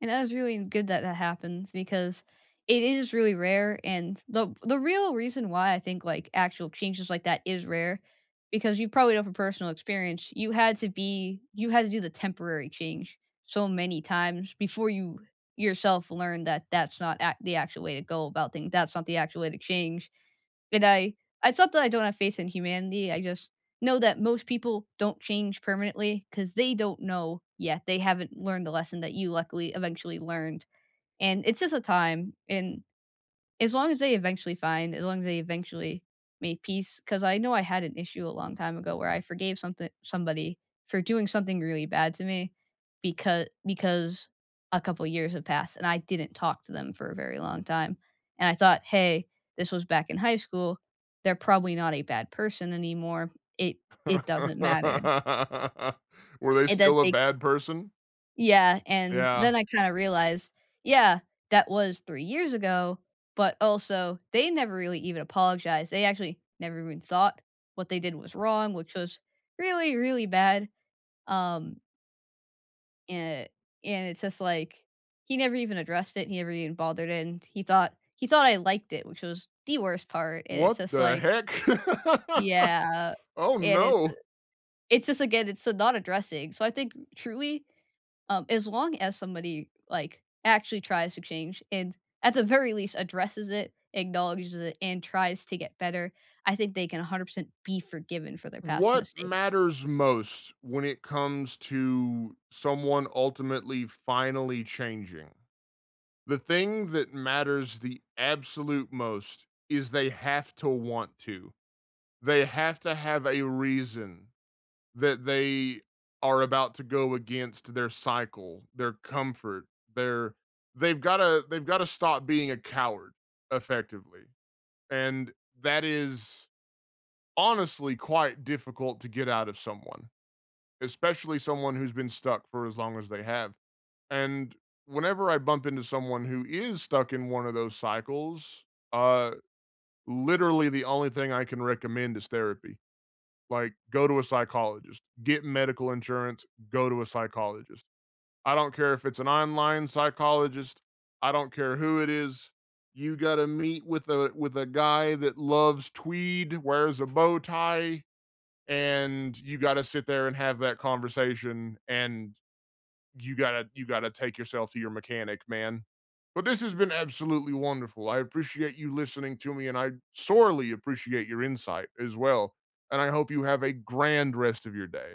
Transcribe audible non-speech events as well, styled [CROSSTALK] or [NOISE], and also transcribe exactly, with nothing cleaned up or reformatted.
And that was really good that, that happens because it is really rare and the the real reason why I think, like, actual changes like that is rare, because you probably know from personal experience you had to be you had to do the temporary change so many times, before you yourself learned that that's not act the actual way to go about things, that's not the actual way to change. And I I thought that I don't have faith in humanity; I just know that most people don't change permanently 'cause they don't know yet, they haven't learned the lesson that you luckily eventually learned and it's just a time and as long as they eventually find as long as they eventually made peace 'cause I know I had an issue a long time ago, where I forgave something somebody for doing something really bad to me, becau because a couple years have passed and I didn't talk to them for a very long time. And I thought, "Hey, this was back in high school, they're probably not a bad person anymore. It it doesn't matter." [LAUGHS] Were they And that still a they bad person? Yeah, and then Yeah. I kinda realized, "Yeah, that was three years ago, but also they never really even apologized, they actually never even thought what they did was wrong, which was, really, really bad," um eh, and it's just, like, he never even addressed it, he never even bothered, and he thought he thought I liked it, which was the worst part, and it's What just the like heck? [LAUGHS] Yeah, Oh, and it's uh no! it's just, again, it's, eh, not addressing so, I think truly, um, as long as somebody, like, actually tries to change, and at the very least addresses it, acknowledges it, and tries to get better, I think they can a hundred percent be forgiven for their past What mistakes. matters most when it comes to someone ultimately finally changing? The thing that matters the absolute most is they have to want to. They have to have a reason that they are about to go against their cycle, their comfort, their they've gotta they've gotta stop being a coward, effectively. And that is honestly quite difficult to get out of someone, especially someone who's been stuck for as long as they have. And, whenever I bump into someone who is stuck in one of those cycles, uh, literally, the only thing I can recommend is therapy. Like, go to a psychologist, get medical insurance, go to a psychologist. I don't care if it's an online psychologist, I don't care who it is, you gotta meet with a with a guy that loves tweed, wears a bow tie, and you gotta sit there and have that conversation. And you gotta you gotta take yourself to your mechanic, man. But this has been absolutely wonderful, I appreciate you listening to me, and I sorely appreciate your insight, as well. And I hope you have a grand rest of your day.